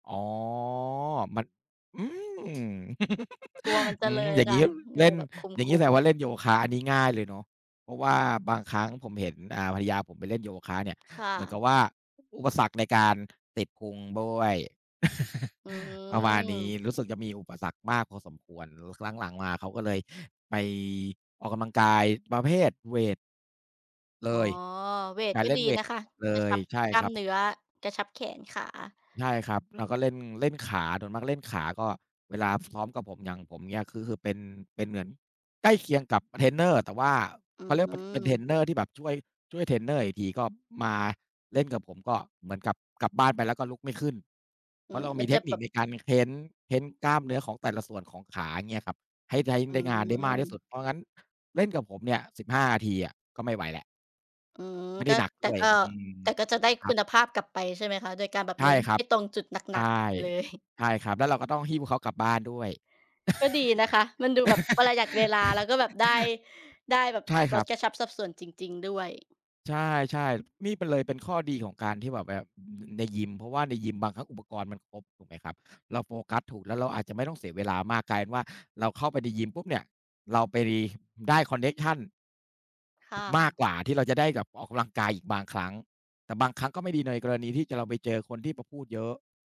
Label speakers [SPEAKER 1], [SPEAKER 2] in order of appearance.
[SPEAKER 1] อ๋อ มัน อืม!
[SPEAKER 2] กลัวมันจ
[SPEAKER 1] อ
[SPEAKER 2] ะ
[SPEAKER 1] ื
[SPEAKER 2] เล
[SPEAKER 1] ม!
[SPEAKER 2] ย
[SPEAKER 1] อย่างเ
[SPEAKER 2] ค
[SPEAKER 1] งี
[SPEAKER 2] ่
[SPEAKER 1] ้
[SPEAKER 2] ะ
[SPEAKER 1] ย บ
[SPEAKER 2] ก
[SPEAKER 1] เ
[SPEAKER 2] ็
[SPEAKER 1] ล
[SPEAKER 2] เ
[SPEAKER 1] ่
[SPEAKER 2] ล
[SPEAKER 1] น
[SPEAKER 2] ยแบบค
[SPEAKER 1] อย่างงี้
[SPEAKER 2] ุ
[SPEAKER 1] แสด
[SPEAKER 2] ม
[SPEAKER 1] งว่
[SPEAKER 2] ๆ
[SPEAKER 1] า เล่นโยคะอันนี้ ง่ายเลยเนาะ เพราะว่าบางครั้งผมเห็น อ่า ภรรยาผมไปเล่น โยคะเนี่ย
[SPEAKER 2] ค่
[SPEAKER 1] เหมือนกับ
[SPEAKER 2] ะ
[SPEAKER 1] ว่า อุปสรรคในการ ติดพุงด้วย
[SPEAKER 2] อื
[SPEAKER 1] ประมาณนี้
[SPEAKER 2] อ
[SPEAKER 1] รู้สึกจะมีอุปสรรคมากพอสมควร รู้ ครั้งหลังมา เขาก็เลยไป ออกกำลังกาย ประเภทเวต เล
[SPEAKER 2] อ๋อ
[SPEAKER 1] ย
[SPEAKER 2] เว
[SPEAKER 1] ก
[SPEAKER 2] ต
[SPEAKER 1] ะ
[SPEAKER 2] ก็
[SPEAKER 1] เล่น
[SPEAKER 2] ดี
[SPEAKER 1] เว
[SPEAKER 2] น
[SPEAKER 1] ต
[SPEAKER 2] ะคะ
[SPEAKER 1] หมดเล
[SPEAKER 2] กระช
[SPEAKER 1] ย
[SPEAKER 2] ับ
[SPEAKER 1] ใช่
[SPEAKER 2] กล้
[SPEAKER 1] ค
[SPEAKER 2] า
[SPEAKER 1] ร
[SPEAKER 2] ม
[SPEAKER 1] ับ
[SPEAKER 2] เนื้อ กระชับแขนขา
[SPEAKER 1] ใช่ครับ แล้วก็เล่น เล่นขา โดยมากเล่นขา ก็ เวลา พ ซ้อมกับผม อย่างผมเงี้ย คือ คือเป็น เป็นเหมือน ใกล้เคียงกับ บ เทรนเนอร์ แต่ว่า อ
[SPEAKER 2] อื
[SPEAKER 1] เขาเรียก ปัด เป็นเทร
[SPEAKER 2] อ
[SPEAKER 1] นเนอร์ที่แบบช่วย ช่วยเทรนเนอร์อีกที ก็มา เล่นกับผมก็เหมือนกับกลับบ้านไปแล้วก็ลุกไม่ขึ้น เ
[SPEAKER 2] อ
[SPEAKER 1] พ
[SPEAKER 2] ื
[SPEAKER 1] ราะเ
[SPEAKER 2] ม
[SPEAKER 1] รา
[SPEAKER 2] ม
[SPEAKER 1] ม
[SPEAKER 2] ั
[SPEAKER 1] ี
[SPEAKER 2] น
[SPEAKER 1] เ
[SPEAKER 2] จ
[SPEAKER 1] ท
[SPEAKER 2] ะ
[SPEAKER 1] คน
[SPEAKER 2] แบ
[SPEAKER 1] ิค
[SPEAKER 2] บ
[SPEAKER 1] ในการเค้น เค้นกล้ามเนื้อของแต่ละส่วนของขา เงี้ยครับ ให้ใช้
[SPEAKER 2] อื
[SPEAKER 1] ได้งานได้มากที่
[SPEAKER 2] ม
[SPEAKER 1] สุด เพราะงั้น เล่นกับผมเนี่ย 15 ทีอะก็ไม่ไหวแล้ว
[SPEAKER 2] อืม
[SPEAKER 1] ไม่ไ
[SPEAKER 2] ก
[SPEAKER 1] ด้
[SPEAKER 2] ็
[SPEAKER 1] หนัก
[SPEAKER 2] แต
[SPEAKER 1] ด
[SPEAKER 2] ่
[SPEAKER 1] ้วย
[SPEAKER 2] ก็
[SPEAKER 1] อืม
[SPEAKER 2] แต่ก็จะได้
[SPEAKER 1] ค
[SPEAKER 2] ค
[SPEAKER 1] รั
[SPEAKER 2] ุ
[SPEAKER 1] บ
[SPEAKER 2] ณภาพกลับไปใช่ไหมคะ? โดยการแบบ
[SPEAKER 1] ใช
[SPEAKER 2] เ
[SPEAKER 1] ่
[SPEAKER 2] น้น
[SPEAKER 1] ครั
[SPEAKER 2] ไ
[SPEAKER 1] บ
[SPEAKER 2] อ้ตรงจุดหน
[SPEAKER 1] ใช
[SPEAKER 2] ั
[SPEAKER 1] ่
[SPEAKER 2] ก ๆ กันไป เลย
[SPEAKER 1] ใช่ครับ แล้วเราก็ต้องหิ้วเขากลับบ้านด้วย
[SPEAKER 2] ก็ดีนะคะ มันดูแบบประหยัด เวลา แล้วก็แบบ ได้ ได้แบบ
[SPEAKER 1] ใช่ค
[SPEAKER 2] ล
[SPEAKER 1] รั
[SPEAKER 2] ด
[SPEAKER 1] บ
[SPEAKER 2] กระชับสับส่วนจริง ๆ ด้วย
[SPEAKER 1] ใช่ ๆ นี่ไปเลยเป็นข้อดีของการที่แบบแว่ว ในยิม เพราะว่าในยิมบางครั้งอุปกรณ์มันครบ ถูกไหมครับ เราโฟกัสถูกแล้วเราอาจจะไม่ต้องเสีย เวลามาก กลาย ว่า เราเข้าไปในยิมปุ๊บเนี่ย เราไปรี ได้คอนเน็กชัน
[SPEAKER 2] ค่
[SPEAKER 1] มาก
[SPEAKER 2] ะ
[SPEAKER 1] กว่าที่เราจะได้กับออกกำลังกายอีกบางครั้ง แต่บางครั้งก็ไม่ดีในกรณีที่จะ เราไปเจอคนที่แบบพูดเยอะ